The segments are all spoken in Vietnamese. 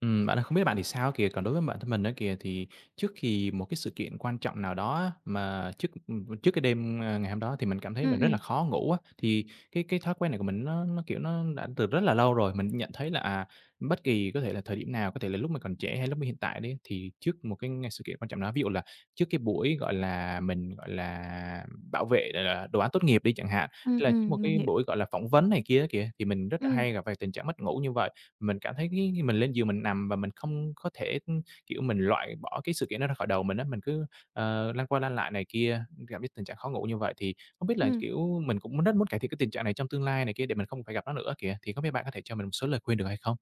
Ừm, bạn ơi, không biết bạn thì sao á kìa, còn đối với bản thân mình á kìa thì trước kì một cái sự kiện quan trọng nào đó á, mà trước, ừm, trước cái đêm, ơ, ngày hôm đó thì mình cảm thấy Ừm, mình rất là ừm. khó ngủ á. Thì cái cái thói quen này của mình nó nó, kiểu, nó đã từ rất là lâu rồi, mình cũng nhận thấy là, à, bất kỳ có thể là thời điểm nào, có thể là lúc mà còn trẻ hay lúc mà hiện tại đấy thì trước một cái sự kiện quan trọng nào đó, ví dụ là trước cái buổi, gọi là, mình, gọi là, bảo vệ, ờ, ờ, đồ án tốt nghiệp đi chẳng hạn, hay Ừm, là có một ừm, mình cái hiểu. buổi, gọi là, phỏng vấn này kia á kìa, thì mình rất là Ừm. hay gặp phải tình trạng mất ngủ như vậy. Mình cảm thấy cái khi mình lên giường mình nằm và mình không có thể, kiểu, mình loại bỏ cái sự kiện đó ra khỏi đầu mình á, mình cứ, ờ, lăn qua lăn lại này kia, gặp cái tình trạng khó ngủ như vậy thì không biết là, Ừm. kiểu, mình cũng rất muốn cải thiện cái tình trạng này trong tương lai này kia để mình không phải gặp nó nữa kìa, thì không biết bạn có thể cho mình một số lời khuyên được hay không?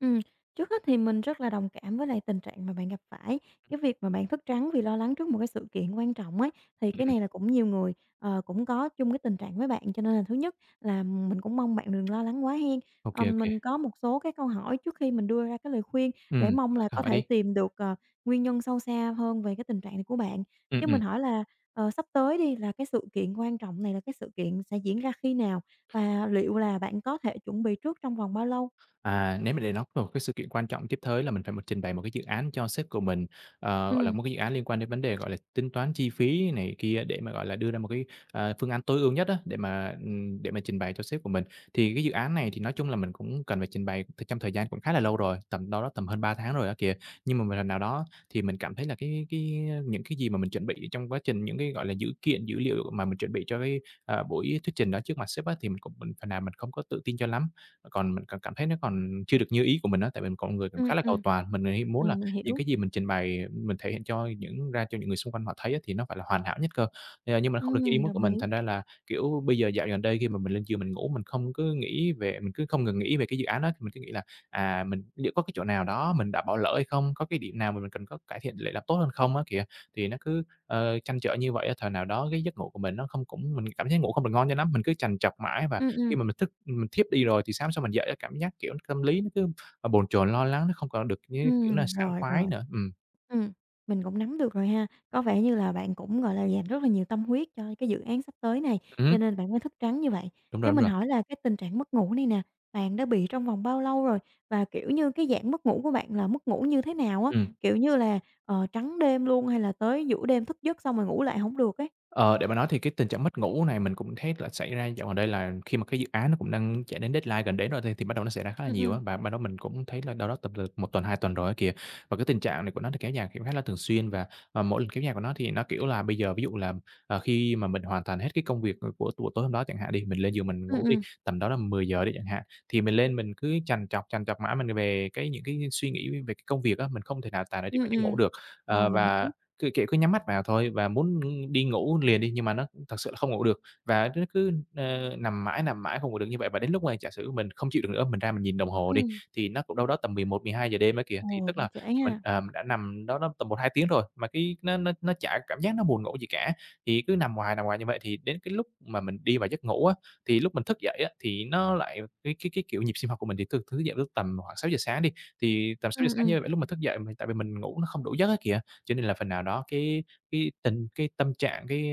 Ừm, trước hết thì mình rất là đồng cảm với lại tình trạng mà bạn gặp phải. Cái việc mà bạn thức trắng vì lo lắng trước một cái sự kiện quan trọng ấy, thì Ừm. cái này là cũng nhiều người, ờ, cũng có chung cái tình trạng với bạn, cho nên là thứ nhất là mình cũng mong bạn đừng lo lắng quá hen. Ô Ờ, kê, ô kê. mình có một số cái câu hỏi trước khi mình đưa ra cái lời khuyên để Ừm, mong bạn là cứ có hỏi thể đi. tìm được, ờ, nguyên nhân sâu xa hơn về cái tình trạng này của bạn. Ừm, Cho ừm. mình hỏi là, ờ, sắp tới đi, là cái sự kiện quan trọng này là cái sự kiện sẽ diễn ra khi nào và liệu là bạn có thể chuẩn bị trước trong vòng bao lâu? À, nếu mà để nói về một cái sự kiện quan trọng tiếp tới là mình phải m trình bày một cái dự án cho sếp của mình, ờ, gọi là, Ừm. một cái dự án liên quan đến vấn đề, gọi là, tính toán chi phí này kia để mà, gọi là, đưa ra một cái, ờ, phương án tối ưu nhất á, để mà, ừm, để mà trình bày cho sếp của mình. Thì cái dự án này thì nói chung là mình cũng cần phải trình bày, ừm, trong thời gian cũng khá là lâu rồi, tầm đâu đó tầm hơn 3 tháng rồi á kìa, nhưng mà một lần nào đó thì mình cảm thấy là cái cái những cái gì mà mình chuẩn bị trong quá trình, những cái, gọi là, dữ kiện, dữ liệu mà mình chuẩn bị cho cái, à, buổi thuyết trình đó trước mặt sếp á, thì mình cũng phần nào mình không có tự tin cho lắm. Còn mình cảm cảm thấy nó còn chưa được như ý của mình á, tại vì mình con người cũng Ừm, khá là cầu ừm. toàn, mình thì hay muốn Ờ, là mình những hiểu. cái gì mình trình bày mình thể hiện cho những ra cho những người xung quanh họ thấy á, thì nó phải là hoàn hảo nhất cơ. Ờ, nhưng mà không được như ý Ừm, muốn của đồng mình, ý. thành ra là, kiểu, bây giờ dạo gần đây khi mà mình lên giường mình ngủ, mình không cứ nghĩ về mình cứ không ngừng nghĩ về cái dự án đó. Thì mình cứ nghĩ là, à, mình liệu có cái chỗ nào đó mình đã bỏ lỡ hay không, có cái điểm nào mà mình cần có cải thiện để làm tốt hơn không á kìa, thì nó cứ, ờ, trăn trở như vậy á. Thời nào đó, cái giấc ngủ của mình nó không cũng mình cảm giác ngủ không được ngon cho lắm, mình cứ trằn trọc mãi và Ừm, khi ừm. mà mình thức mình thiếp đi rồi thì sáng hôm sau mình dậy á cảm giác, kiểu, nó tâm lý nó cứ, ờ, bồn chồn lo lắng, nó không còn được như cái kiểu là Ừm, sảng rồi, khoái rồi. nữa, ừm. Ừm, mình cũng nắm được rồi ha. Có vẻ như là bạn cũng, gọi là, dành rất là nhiều tâm huyết cho cái dự án sắp tới này Ừm hứm. cho nên bạn mới thức trắng như vậy. Đúng Cho rồi, đúng mình rồi. hỏi là cái tình trạng mất ngủ này nè, bạn đã bị trong vòng bao lâu rồi và, kiểu như, cái dạng mất ngủ của bạn là mất ngủ như thế nào á, Ừm. kiểu như là, ờ, trắng đêm luôn hay là tới giữa đêm thức giấc xong rồi ngủ lại hổng được ấy? Ờ, để mà nói thì cái tình trạng mất ngủ này mình cũng thấy là xảy ra dạo gần đây là khi mà cái dự án nó cũng đang chạy đến deadline gần đến rồi thi thì bắt đầu nó xảy ra khá là Ừm, nhiều ừm. á, và ban đó mình cũng thấy là đâu đó tầm, ờ, 1 tuần, 2 tuần rồi á kìa. Và cái tình trạng này của nó thì kéo dài khi cũng khá là thường xuyên, và, ờ, mỗi lần kéo dài của nó thì nó, kiểu là, bây giờ ví dụ là, ờ, khi mà mình hoàn toàn hết cái công việc, ờ, của của tối hôm đó chẳng hạn đi, mình lên giường mình Ừm, ngủ đi, ừm. tầm đó là 10:00 đi chẳng hạn, thì mình lên mình cứ trằn trọc, trằn trọc mãi m về cái những cái suy nghĩ về cái công việc á, mình không thể nào tài nào chìm Ừm, vào giấc ngủ ừm. được. Ờ, Ờ, mình và hiểu. cứ, kiểu, cứ nhắm mắt vào thôi và muốn đi ngủ liền đi, nhưng mà nó thật sự là không ngủ được, và nó cứ, ơ, nằm mãi, nằm mãi không ngủ được như vậy, và đến lúc mà giả sử mình không chịu được nữa, mình ra mình nhìn đồng hồ đi, Ừm. thì nó cũng đâu đó tầm 11:00-12:00 đêm á kìa. Thì Ồ, tức cũng là trễ mình ha. ờ, mình đã nằm đâu đó tầm 1-2 tiếng rồi mà cái nó nó nó chả cảm giác nó buồn ngủ gì cả. Thì cứ nằm hoài, nằm hoài như vậy, thì đến cái lúc mà mình đi vào giấc ngủ á, thì lúc mình thức dậy á, thì nó lại cái cái cái, kiểu, nhịp sinh học của mình thì thức thức dậy vào lúc tầm khoảng 6:00 sáng đi, thì tầm sáu Ừm, giờ sáng ừm. như vậy lúc mà thức dậy m tại vì mình ngủ nó không đủ giấc á kìa, cho nên là phần nào đó cái cái tình cái tâm trạng, cái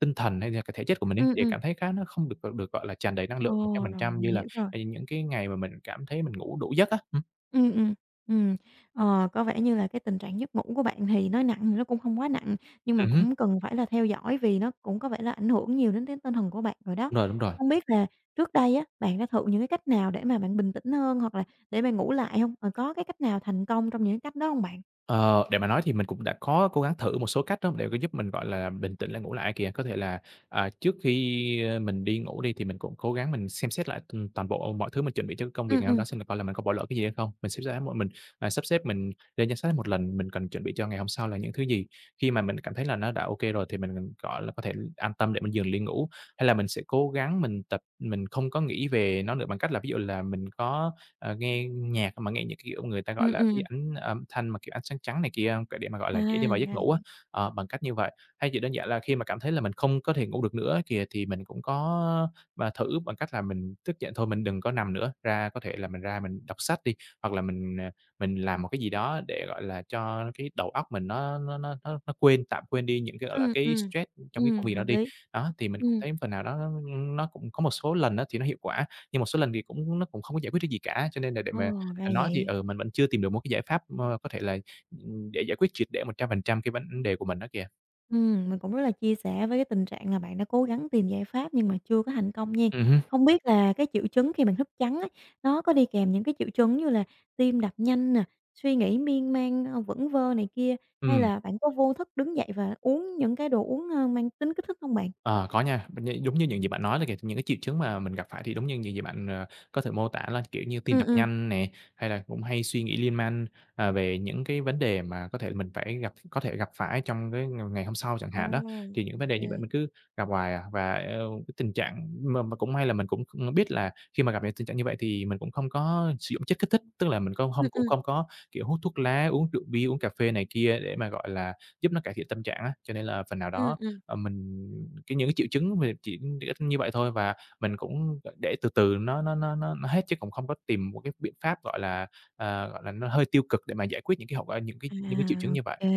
tinh thần hay là cái thể chất của mình ấy, Ừm, đều ừm. cảm thấy khá nó không được, ờ, được, gọi là, tràn đầy năng Ồ, lượng một trăm phần rồi, trăm mình như là, hiểu rồi. ờ, những cái ngày mà mình cảm thấy mình ngủ đủ giấc á, ừm. Ừm, ừm, ừm, ờ, có vẻ như là cái tình trạng giấc ngủ của bạn thì nói nặng thì nó cũng không quá nặng nhưng mà Ừm hứ. cũng cần phải là theo dõi vì nó cũng có vẻ là ảnh hưởng nhiều đến cái tinh thần của bạn rồi đó. Đúng rồi, đúng rồi. Không biết là trước đây á, bạn đã thử những cái cách nào để mà bạn bình tĩnh hơn hoặc là để bạn ngủ lại không và có cái cách nào thành công trong những cái cách đó hông bạn? Ờ, để mà nói thì mình cũng đã có cố gắng thử một số cách đó, để mà giúp mình, gọi là, bình tĩnh lại ngủ lại ây kìa. Có thể là, à, trước khi mình đi ngủ đi thì mình cũng cố gắng mình xem xét lại, ừm, toàn bộ mọi thứ mình chuẩn bị cho cái công việc Ừm, ngày hôm ừm. đó xem thử coi là mình có bỏ lỡ cái gì hay không. Mình sẽ ráng một mình, à, sắp xếp mình lên danh sách hết một lần, mình cần chuẩn bị cho ngày hôm sau là những thứ gì. Khi mà mình cảm thấy là nó đã ô kê rồi thì mình mình, gọi là, có thể an tâm để mình giường li ngủ. Hay là, mình sẽ cố gắng mình tập mình không có nghĩ về nó nữa bằng cách là, ví dụ là, mình có, à, nghe nhạc mà nghe như kiểu người ta gọi Ừm, là cái ừm. ảnh âm thanh mà, kiểu, ánh sáng trắng này kia không? Cái để mà, gọi À, là, dễ đi thì vào ra giấc là ngủ á, vậy. ờ, bằng cách như vậy, thay vì đơn giản là khi mà cảm thấy là mình không có thể ngủ được nữa ấy kìa, thì mình cũng có mà thử bằng cách là mình thức giận thôi mình đừng có nằm nữa, ra có thể là mình ra mình đọc sách đi, hoặc là mình, à, mình làm một cái gì đó để, gọi là, cho cái đầu óc mình nó nó nó nó nó quên, tạm quên đi những cái, gọi là, Ừm, cái ừm, stress trong cái công ừm, việc đó hợp đi. lý. Đó, thì mình cũng Ừm. thấy phần nào đó n nó cũng có một số lần á thì nó hiệu quả, nhưng một số lần thì cũng nó cũng không có giải quyết cái gì cả, cho nên là để mà, Ồ, ra à, nói thì, vậy. ừ, mình vẫn chưa tìm được một cái giải pháp mơ có thể là, ừm, để giải quyết triệt để 100% cái vấn đề của mình á kìa. Ừm, mình cũng rất là chia sẻ với cái tình trạng là bạn đã cố gắng tìm giải pháp nhưng mà chưa có thành công nhen. Ừm hứm. Không biết là cái triệu chứng khi bạn thức trắng á, nó có đi kèm những cái triệu chứng như là tim đập nhanh nè, suy nghĩ miên man, ơ, vẩn vơ này kia hay Ừm. là bạn có vô thức đứng dậy và uống những cái đồ uống, ơ, mang tính kích thích hông bạn? À, có nha, m như giống như những gì bạn nói đó kìa, những cái triệu chứng mà mình gặp phải thì đúng như những gì bạn, ờ, có thể mô tả là kiểu như tim Ừm, tập ừm. nhanh nè, hay là cũng hay suy nghĩ liên man, à, về những cái vấn đề mà có thể là mình phải gặp có thể gặp phải trong cái ng ngày hôm sau chẳng Ồ, hạn đó. Thì những ô vấn đề như vậy kê. mình cứ gặp hoài à, và eo cái tình trạng m mà cũng may là mình cũng kh biết là khi mà gặp những tình trạng như vậy thì mình cũng không có sử dụng chất kích thích, tức là mình cong Ừm, hông cũng ừm. không có, kiểu, hút thuốc lá, uống rượu bia, uống cà phê này kia để mà, gọi là, giúp nó cải thiện tâm trạng á. Cho nên là phần nào Ừm, đó, ừm. ờ, mình cái những cái triệu chứng mà chỉ đ ích như vậy thôi và mình cũng g để từ từ nó nó nó nó nó hết chứ cũng không có tìm một cái biện pháp, gọi là, à, gọi là, nó hơi tiêu cực để mà giải quyết những cái hậu quả những cái À, những cái triệu chứng ô như vậy. kê,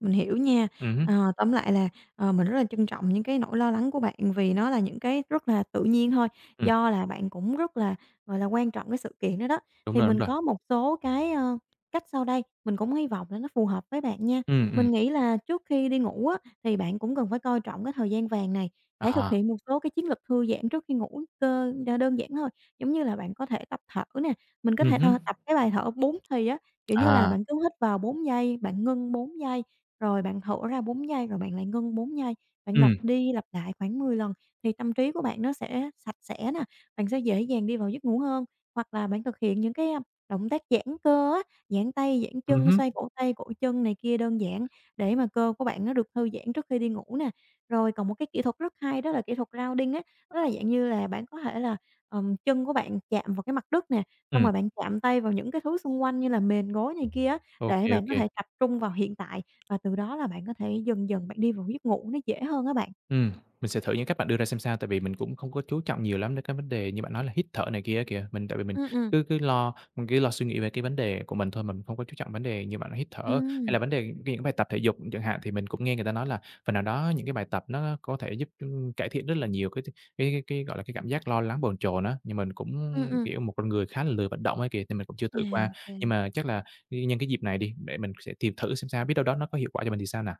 mình hiểu nha. Ừm hứm. Ờ, tóm lại là, ờ, mình rất là trân trọng những cái nỗi lo lắng của bạn vì nó là những cái rất là tự nhiên thôi, Ừm. do là bạn cũng rất là, gọi là, quan trọng cái sự kiện đó đó, Đúng thì rồi, đúng mình rồi. có một số cái, ơ, cách sau đây mình cũng hy vọng là nó phù hợp với bạn nha. Ừm, ừm. Mình nghĩ là trước khi đi ngủ á thì bạn cũng cần phải coi trọng cái thời gian vàng này, hãy thực À. hiện một số cái chiến lược thư giãn trước khi ngủ cơ đ đơn giản thôi, giống như là bạn có thể tập thở nè, mình có Ừm thể th hứm. tập cái bài thở 4 thì á, kiểu như là, À. bạn cứ hít vào 4 giây, bạn ngưng 4 giây rồi bạn thở ra 4 giây rồi bạn lại ngưng 4 giây, bạn lặp Ừm. đi lặp lại khoảng 10 lần thì tâm trí của bạn nó sẽ sạch sẽ nè, bạn sẽ dễ dàng đi vào giấc ngủ hơn. Hoặc là bạn thực hiện những cái, a, động tác giãn cơ á, giãn tay, giãn Ừm chân, hứm. xoay cổ tay, cổ chân này kia đơn giản để mà cơ của bạn nó được thư giãn trước khi đi ngủ nè. Rồi còn một cái kỹ thuật rất hay đó là kỹ thuật grounding á, đó là dạng như là bạn có thể là, ờ, chân của bạn chạm vào cái mặt đất nè, xong Ừm. rồi bạn chạm tay vào những cái thứ xung quanh như là mền gối này kia á Ô để kê, ô bạn có kê. thể tập trung vào hiện tại và từ đó là bạn có thể dần dần bạn đi vào cái giấc ngủ nó dễ hơn á bạn. Ừm, mình sẽ thử những cách bạn đưa ra xem sao, tại vì mình cũng không có chú trọng nhiều lắm đến cái vấn đề như bạn nói là hít thở này kia á kìa, mình tại vì mình Ừm, ừm. cứ cứ lo mình cứ lo suy nghĩ về cái vấn đề của mình thôi, mình cũng không có chú trọng vấn đề như bạn nói, hít thở hay là Ừm. vấn đề cái những bài tập thể dục chẳng hạn, thì mình cũng nghe người ta nói là phần nào đó những cái bài tập nó có thể giúp, ưm, cải thiện rất là nhiều cái th cái cái cái, gọi là, cái cảm giác lo lắng bồn chồn á, nhưng mình cũng, Ừm, ừm. kiểu, một con người khá là lười vận động ấy kìa, thì mình cũng chưa À, thử qua, nhưng kê. mà chắc là n nhân cái dịp này đi để mình sẽ tìm thử xem sao, biết đâu đó nó có hiệu quả cho mình thì sao nào.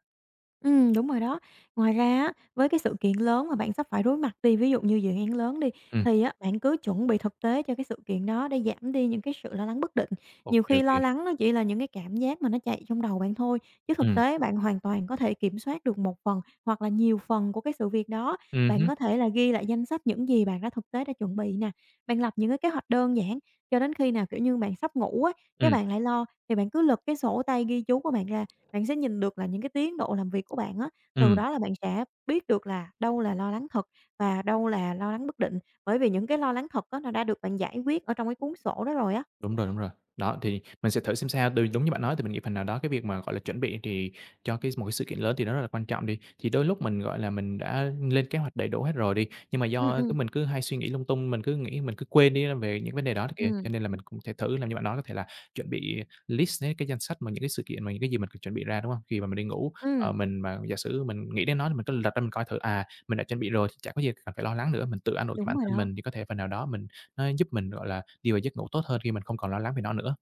Ừm, đúng rồi đó. Ngoài ra á, với cái sự kiện lớn mà bạn sắp phải đối mặt đi, ví dụ như dự án lớn đi, Ừm. thì á, bạn cứ chuẩn bị thực tế cho cái sự kiện đó để giảm đi những cái sự lo lắng bất định. Ô Nhiều kê, khi ô lo kê. lắng nó chỉ là những cái cảm giác mà nó chạy trong đầu bạn thôi, chứ thực Ừm. tế bạn hoàn toàn có thể kiểm soát được một phần hoặc là nhiều phần của cái sự việc đó. Ừm Bạn hứm. có thể là ghi lại danh sách những gì bạn đã thực tế đã chuẩn bị nè, bạn lập những cái kế hoạch đơn giản cho đến khi nào, kiểu như, bạn sắp ngủ á, cái Ừm. bạn lại lo thì bạn cứ lật cái sổ tay ghi chú của bạn ra, bạn sẽ nhìn được là những cái tiến độ làm việc của bạn á, từ Ừm. đó là bạn sẽ biết được là đâu là lo lắng thật và đâu là lo lắng bất định. Bởi vì những cái lo lắng thật á nó đã được bạn giải quyết ở trong cái cuốn sổ đó rồi á. Đúng rồi, đúng rồi. Đó, thì mình sẽ thử xem sao, đ đúng như bạn nói thì mình nghĩ phần nào đó, cái việc mà, gọi là, chuẩn bị thì cho cái một cái sự kiện lớn thì nó rất là quan trọng đi. Thì đôi lúc mình, gọi là, mình đã lên kế hoạch đầy đủ hết rồi đi, nhưng mà Ừm, do ừm. cứ mình cứ hay suy nghĩ lung tung, mình cứ nghĩ mình cứ quên đi á về những vấn đề đó kìa, Ừm. cho nên là mình cũng thể thử làm như bạn nói có thể là chuẩn bị list né cái danh sách mà những cái sự kiện mà những cái gì mình chuẩn bị ra, đúng hông? Khi mà mình đi ngủ, Ừm. ờ, mình mà giả sử mình nghĩ đến nó thì mình cứ lật ra mình coi thử, à, mình đã chuẩn bị rồi chả có gì cần phải lo lắng nữa, mình tự an ủi Đúng bản rồi thân đó. mình thì có thể phần nào đó mình nó giúp mình, gọi là, đi vào giấc ngủ tốt hơn khi mình không còn lo lắng về nó nữa.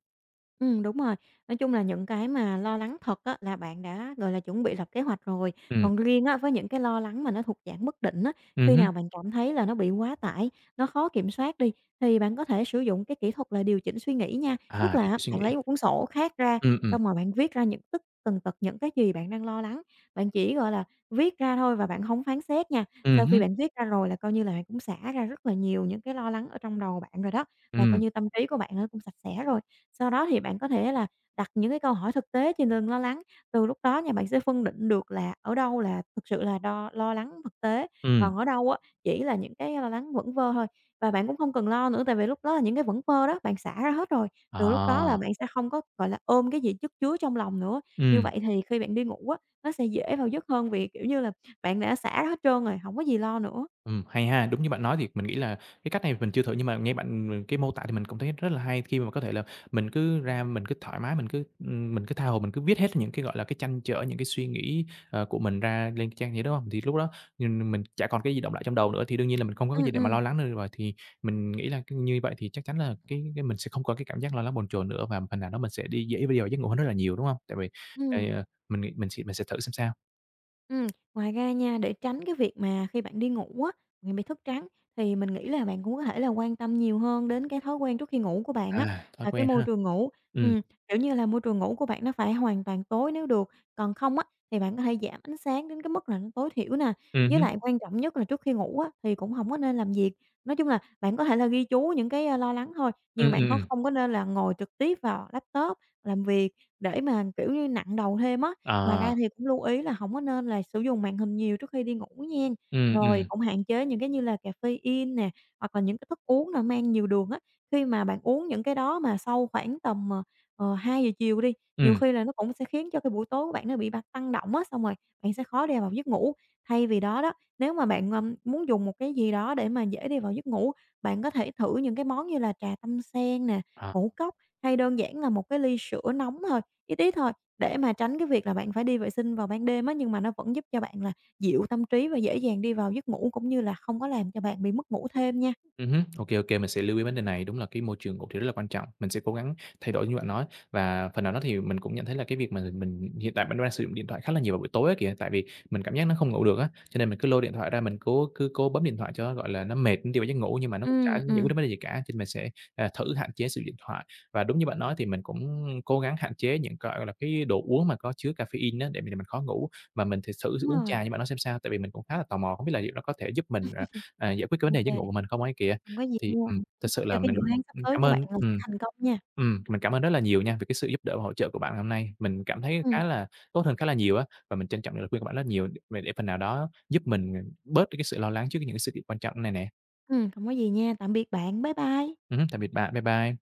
Ừm, đúng rồi, nói chung là những cái mà lo lắng thật á là bạn đã, gọi là, chuẩn bị lập kế hoạch rồi, Ừm. còn riêng á với những cái lo lắng mà nó thuộc dạng bất định á, Ừm khi hứm. nào bạn cảm thấy là nó bị quá tải, nó khó kiểm soát đi thì bạn có thể sử dụng cái kỹ thuật là điều chỉnh suy nghĩ nha. Tức À, điều là á chỉnh suy bạn nghĩ. lấy một cuốn sổ khác ra, Ừm, ừm. xong rồi bạn viết ra những tất tần tật những cái gì bạn đang lo lắng, bạn chỉ, gọi là, viết ra thôi và bạn hông phán xét nha, Ừm sau khi hứm. bạn viết ra rồi là coi như là bạn cũng xả ra rất là nhiều những cái lo lắng ở trong đầu bạn rồi đó, là coi Ừm. như tâm trí của bạn nó cũng sạch sẽ rồi. Sau đó thì bạn có thể là đặt những cái câu hỏi thực tế trên từng lo lắng, từ lúc đó nha bạn sẽ phân định được là ở đâu là thật sự là đo lo lắng thực tế, Ừm. còn ở đâu á chỉ là những cái lo lắng vẩn vơ thôi. Và bạn cũng không cần lo nữa tại vì lúc đó là những cái vẩn vơ đó bạn xả ra hết rồi, từ lúc đó là À. bạn sẽ không có, gọi là, ôm cái gì chất chứa trong lòng nữa. Như Ừm. vậy thì khi bạn đi ngủ á nó sẽ dễ vào giấc hơn vì, kiểu như là, bạn đã xả hết trơn rồi, hổng có gì lo nữa. Ừm, hay ha, đúng như bạn nói thì mình nghĩ là cái cách này mình chưa thử nhưng mà nghe bạn, ừm, m cái mô tả thì mình cũng thấy rất là hay khi mà có thể là mình cứ ra mình cứ thoải mái, mình cứ, ưm, mình cứ tha hồ mình cứ viết hết những cái, gọi là, cái trăn trở, những cái suy nghĩ, ờ, của mình ra lên cái trang giấy, đúng hông? Thì lúc đó, ừm, mình chả còn cái gì đọng lại trong đầu nữa thì đương nhiên là mình không có cái gì Ừm, để mà lo ừm. lắng được nữa rồi, thì mình nghĩ là, ư, như vậy thì chắc chắn là cái cái mình sẽ không có cái cảm giác lo lắng bồn chồn nữa và phần nào đó mình sẽ đi dễ để đi vào giấc ngủ hơn rất là nhiều, đúng hông? Tại vì, ây, Ừm. a, mình nghĩ mình sẽ mình sẽ thử xem sao. Ừm, ngoài ra nha, để tránh cái việc mà khi bạn đi ngủ á bạn bị thức trắng thì mình nghĩ là bạn cũng có thể là quan tâm nhiều hơn đến cái thói quen trước khi ngủ của bạn á, À, thói à, cái quen môi ha. trường ngủ. Ừm. Ừm, kiểu như là, môi trường ngủ của bạn nó phải hoàn toàn tối nếu được, còn không á thì bạn có thể giảm ánh sáng đến cái mức là nó tối thiểu nè, Ừm với hứm. lại quan trọng nhất là trước khi ngủ á thì cũng hổng có nên làm việc. Nói chung là bạn có thể là ghi chú những cái, a, lo lắng thôi, như Ừm, bạn ừm, khó ừm. không có nên là ngồi trực tiếp vào laptop làm việc để mà, kiểu như, nặng đầu thêm á. Ngoài ra À. thì cũng lưu ý là hổng có nên là sử dụng màn hình nhiều trước khi đi ngủ nhen, Ừm, rồi, ừm. cũng hạn chế những cái như là caffeine nè hoặc là những cái thức uống mà mang nhiều đường á. Khi mà bạn uống những cái đó mà sau khoảng tầm, ờ, ờ, 2:00 chiều đi, nhiều Ừm. khi là nó cũng sẽ khiến cho cái buổi tối của bạn nó bị bạt tăng động á, xong rồi bạn sẽ khó đi vào giấc ngủ. Thay vì đó đó, nếu mà bạn, ờ, muốn dùng một cái gì đó để mà dễ đi vào giấc ngủ, bạn có thể thử những cái món như là trà tâm sen nè, À. ngũ cốc hay đơn giản là một cái ly sữa nóng thôi, ít ít thôi để mà tránh cái việc là bạn phải đi vệ sinh vào ban đêm á, nhưng mà nó vẫn giúp cho bạn là dịu tâm trí và dễ dàng đi vào giấc ngủ, cũng như là không có làm cho bạn bị mất ngủ thêm nha. Ừm hứm, ô kê, ô kê, mình sẽ lưu ý vấn đề này. Đúng là cái môi trường ngủ thì rất là quan trọng, mình sẽ cố gắng thay đổi như bạn nói. Và phần nào đó thì mình cũng nhận thấy là cái việc mà mình hiện tại mình vẫn đang sử dụng điện thoại khá là nhiều vào buổi tối á kìa, tại vì mình cảm giác nó không ngủ được á, cho nên mình cứ lôi điện thoại ra, mình cố cứ cố bấm điện thoại cho nó, gọi là, nó mệt, nó đi vào giấc ngủ, nhưng mà nó cũng chả Ừm, giải quyết ừm. được vấn đề gì cả, cho nên mình sẽ, ờ, thử hạn chế sử dụng thoại. Và đúng như bạn nói thì mình cũng cố gắng hạn chế những, gọi gọi là, cái đồ uống mà có chứa caffeine á để m làm mình khó ngủ, mà mình thì xử thử Đúng uống rồi. trà như bạn nói xem sao. Tại vì mình cũng khá là tò mò, không biết là liệu nó có thể giúp mình, ờ, ờ, giải quyết cái vấn Ô đề giấc ngủ kê. của mình không ấy kìa. Hông có gì Thì, nha, ừm, thực [unintelligible] sự cho là cái dự mình, án sắp ừm, tới cảm của bạn ơn là sẽ ừm, thành công nha. ừm, mình cảm ơn rất là nhiều nha về cái sự giúp đỡ và hỗ trợ của bạn ngày hôm nay, mình cảm thấy Ừm. khá là tốt hơn khá là nhiều á, và mình trân trọng những lời khuyên của bạn rất là nhiều, ư, và để phần nào đó giúp mình, ờ, bớt được cái sự lo lắng trước những những cái sự kiện quan trọng này nè. Ừm, hổng có gì nha, tạm biệt bạn, bye bye! Ừm hứm, tạm biệt bạn, bye bye.